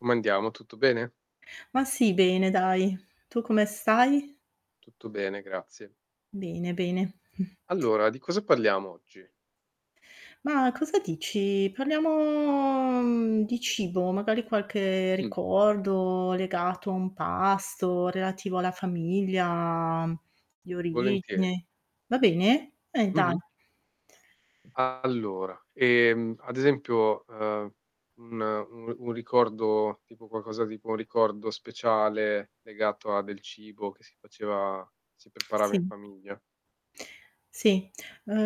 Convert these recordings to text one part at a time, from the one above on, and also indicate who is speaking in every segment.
Speaker 1: Come andiamo, tutto bene?
Speaker 2: Ma sì bene dai. Tu come stai?
Speaker 1: Tutto bene, grazie.
Speaker 2: Bene, bene.
Speaker 1: Allora, di cosa parliamo oggi?
Speaker 2: Ma cosa dici? Parliamo di cibo, magari qualche
Speaker 1: Mh.
Speaker 2: ricordo legato a un pasto relativo alla famiglia di
Speaker 1: Volentieri.
Speaker 2: origine. Va bene? Eh dai.
Speaker 1: Mh-mh. Allora, ehm, ad esempio ,ehm, un u un ricordo, tipo qualcosa tipo un ricordo speciale, legato a del cibo che si faceva si preparava in
Speaker 2: Sì
Speaker 1: famiglia.
Speaker 2: Sì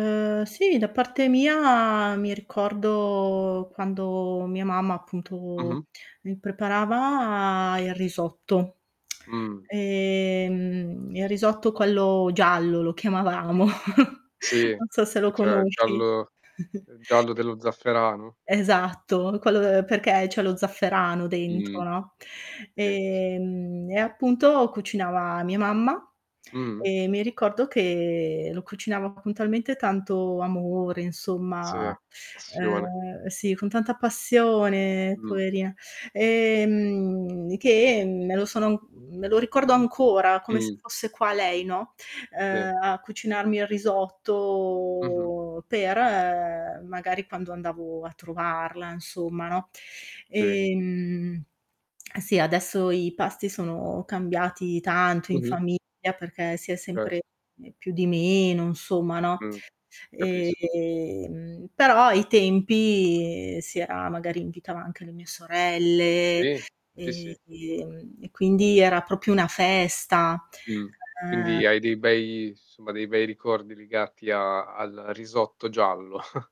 Speaker 1: Okay.
Speaker 2: sì da parte mia mi ricordo quando mia mamma appunto
Speaker 1: Mh-mh.
Speaker 2: mi preparava il risotto.
Speaker 1: Mh.
Speaker 2: Ehm il risotto quello giallo lo chiamavamo,
Speaker 1: Sì,
Speaker 2: non so se lo
Speaker 1: che c'era il
Speaker 2: conosci.
Speaker 1: giallo il giallo dello zafferano.
Speaker 2: Esatto, quello de perché c'è lo zafferano dentro,
Speaker 1: Mh
Speaker 2: no?
Speaker 1: sì, sì.
Speaker 2: Ehm e appunto cucinava mia mamma
Speaker 1: Mh-mh.
Speaker 2: e mi ricordo che lo cucinava con talmente tanto amore
Speaker 1: Sì,
Speaker 2: insomma,
Speaker 1: passione.
Speaker 2: eh sì con tanta passione
Speaker 1: Mh.
Speaker 2: poverina. Ehm che me lo sono me lo ricordo ancora come se
Speaker 1: Mh.
Speaker 2: fosse qua lei, no,
Speaker 1: Sì.
Speaker 2: uh a cucinarmi il
Speaker 1: Mh-mh.
Speaker 2: risotto per magari quando andavo a trovarla insomma, no?
Speaker 1: Sì.
Speaker 2: Ehm sì adesso i pasti sono cambiati tanto in
Speaker 1: Mh-mh.
Speaker 2: famiglia perché si è
Speaker 1: Cert
Speaker 2: sempre più di meno, insomma no?
Speaker 1: Mh, capisco.
Speaker 2: Ehm però ai tempi si era magari invitava anche le mie sorelle
Speaker 1: Sì, sì,
Speaker 2: e
Speaker 1: sì.
Speaker 2: ehm e quindi era proprio una festa.
Speaker 1: Mh.
Speaker 2: Eh
Speaker 1: Quindi hai dei bei insomma, dei bei ricordi legati a al risotto giallo.